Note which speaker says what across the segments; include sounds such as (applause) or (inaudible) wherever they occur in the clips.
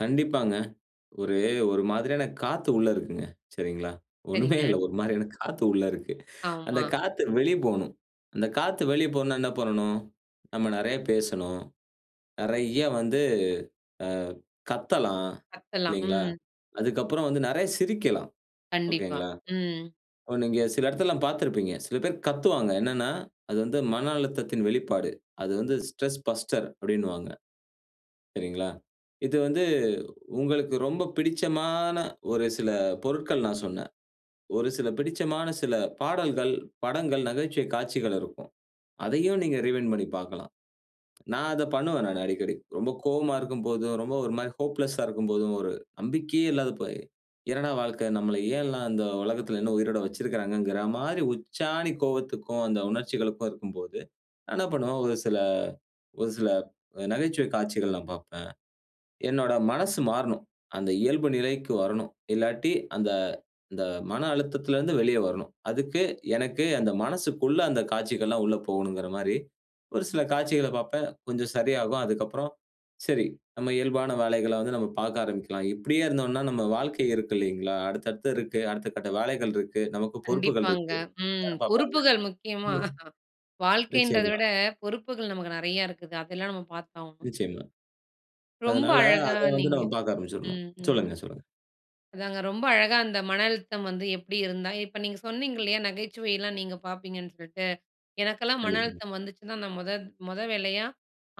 Speaker 1: கண்டிப்பாங்க. ஒரு, ஒரு மாதிரியான காத்து உள்ள இருக்குங்க. சரிங்களா? ஒண்ணுமே இல்ல,
Speaker 2: சரிங்க.
Speaker 1: ஒரு மாரியான காத்து உள்ள இருக்கு. அந்த
Speaker 2: ஆமா.
Speaker 1: காத்து வெளிய போணும். அந்த காத்து வெளிய போணும்னா என்ன பண்ணணும்? நம்ம நெறய பேசணும். நெறய வந்து, ஆ கத்தலாம்.
Speaker 2: கத்தலாம்,
Speaker 1: இல்லிங்களா?
Speaker 2: ம்.
Speaker 1: அதுக்கப்புறம் வந்து நெறய சிரிக்கலாம்.
Speaker 2: கண்டிப்பா,
Speaker 1: ஓகேங்களா.
Speaker 2: ம்.
Speaker 1: இப்ப நீங்க சில இடத்துலலாம் பாத்திருப்பீங்க, சில பேர் கத்துவாங்க. என்னான்னா அது வந்து மன அழுத்தத்தின் வெளிப்பாடு. அது வந்து "ஸ்ட்ரெஸ் பஸ்டர்" அப்டின்னுவாங்க. சரிங்களா? இது வந்து உங்களுக்கு ரொம்ப பிடிச்சமான, ஒரு சில பொருட்கள் நான் சொன்னேன். ஒரு சில பிடிச்சமான சில பாடல்கள், படங்கள், நகைச்சுவை காட்சிகள் இருக்கும். அதையும் நீங்க ரீவைன்ட் பண்ணி பாக்கலாம். நான் அத பண்ணுவேன் நானு அடிக்கடி. ரொம்ப கோவமா இருக்கும்போதும், ரொம்ப ஒரு மாரி ஹோப்லெஸ்ஸா இருக்கும்போதும், ஒரு நம்பிக்கையே இல்லாத போய் என்னாட வாழ்க்க? நம்மள ஏன் எல்லாம் இந்த உலகத்துல இன்னும் உயிரோட வைச்சிருக்குறாங்கங்குற மாரி, உச்சாணி கோவத்துக்கும், அந்த உணர்ச்சிகளுக்கும் இருக்கும்போது, நான் என்ன பண்ணுவேன் ஒரு சில, ஒரு சில அ நகைச்சுவை காட்சிகள்லாம் பாப்பேன். என்னோட மனசு மாறனும். அந்த இயல்பு நிலைக்கு வரணும். இல்லாட்டி அந்த, அந்த மன அழுத்தத்துல இருந்து வெளிய வரணும். அதுக்கு எனக்கு அந்த மனசுக்குள்ள அந்த காட்சிகள்லாம் உள்ள போகணுங்குற மாரி, ஒரு சில காட்சிகளப் பாப்பேன். கொஞ்சம் சரியாகும். அதுக்கப்புறம் சரி நம்ம இயல்பான வேலைகள வந்து நம்ம பாக்க ஆரம்பிக்கலாம். இப்டியே இருந்தோம்னா, நம்ம வாழ்க்கை இருக்கில்லிங்களா? அடுத்தடுத்து இருக்கு. அடுத்த கட்ட வேலைகள் இருக்கு. நமக்கு பொறுப்புகள்
Speaker 2: கண்டிப்பாங்க,
Speaker 1: இருக்கு.
Speaker 2: ம்.
Speaker 1: யார் பாப்பாங்க?
Speaker 2: பொறுப்புகள் முக்கியமா
Speaker 1: (unintelligible)
Speaker 2: வாழ்க்கைன்றத
Speaker 1: நிச்சயமா.
Speaker 2: விட, பொறுப்புகள் நமக்கு நெறய இருக்குது. அதெல்லாம் நம்ம பாத்தாவணும்.
Speaker 1: நிச்சயமா.
Speaker 2: ரொம்ப
Speaker 1: அதனால,
Speaker 2: அழகா
Speaker 1: அத வந்து
Speaker 2: நீங்க
Speaker 1: நம்ம பாக்க ஆரம்பிச்சுரணும்.
Speaker 2: ம், ம் m.
Speaker 1: சொல்லுங்க, சொல்லுங்க.
Speaker 2: அதாங்க, ரொம்ப அழகா அந்த மன அழுத்தம் வந்து எப்டி இருந்தா இப்ப நீங்க சொன்னீங்க இல்லியா நகைச்சுவைலாம் நீங்க பாப்பீங்கன்னு சொல்ட்டு. எனக்கெல்லாம் மன
Speaker 1: கண்டிப்பாங்க.
Speaker 2: அழுத்தம் வந்துச்சுன்னா நான் மொத மொத வேலையா,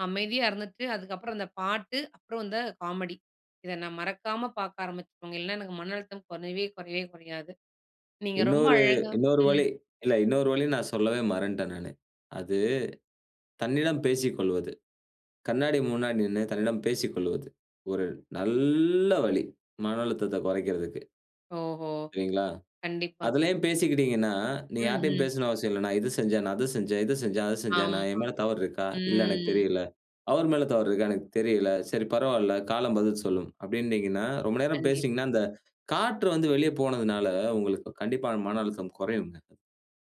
Speaker 2: அமைதியா இருந்துட்டு அதுக்கப்புறம் அந்த பாட்டு, அப்புறம் இந்த காமெடி. இத நான் மறக்காம பாக்க ஆரம்பிச்சுருவேங்க. இல்லன்னா எனக்கு மன அழுத்தம் கொறையவே, கொறையவே கொறையாது. நீங்க ரொம்ப
Speaker 1: இன்னொரு,
Speaker 2: அழகா
Speaker 1: இன்னொரு
Speaker 2: ம்.
Speaker 1: வழி இல்ல இன்னொரு வழி நான் சொல்லவே மறந்த்ட்டேன் நானு. அது தன்னிடம் பேசிக்கொள்வது, கண்ணாடி முன்னாடி நின்னு, தன்னிடம் பேசிக்கொள்வது. ஒரு நல்ல வழி, மன அழுத்தத்த கொறைக்குறதுக்கு.
Speaker 2: ஓஹோ,
Speaker 1: சரிங்களா?
Speaker 2: கண்டிப்பாங்க.
Speaker 1: அதுலயே பேசிக்கிட்டீங்கனா, நீ யாட்டயும்
Speaker 2: ம்ஹ்ம்.
Speaker 1: பேசணும்னு அவசியம் இல்ல. "நான் இத செஞ்சேன், நான் அத செஞ்சேன், இத செஞ்சேன், அத செஞ்சேன்
Speaker 2: ஆமா,
Speaker 1: என் மேல தவறு இருக்கா? இல்ல எனக்கு
Speaker 2: ம்.
Speaker 1: தெரியல. அவர் மேல தவறு இருக்கா? எனக்கு தெரியல. சரி பரவால்ல, காலம் பதில் சொல்லும்" அப்டின்னீங்கனா ரொம்ப நேரம்
Speaker 2: கண்டிப்பா.
Speaker 1: பேசினீங்கனா அந்த காற்று வந்து வெளிய போனதுனால உங்களுக்கு கண்டிப்பா அந்த மன அழுத்தம் குறையுங்க.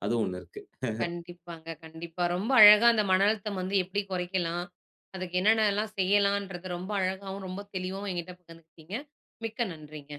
Speaker 1: அது ஒண்ணு இருக்கு. (chuckles)
Speaker 2: கண்டிப்பாங்க, கண்டிப்பா ரொம்ப அழகா அந்த மன அழுத்தம் வந்து எப்டி குறைக்கலாம்? அதுக்கு என்னான்னலாம் செய்யலான்றத, ரொம்ப அழகாவும், ரொம்ப தெளிவாவும் என்கிட்ட பகிர்ந்துகிட்டீங்க, மிக்க நன்றிங்க.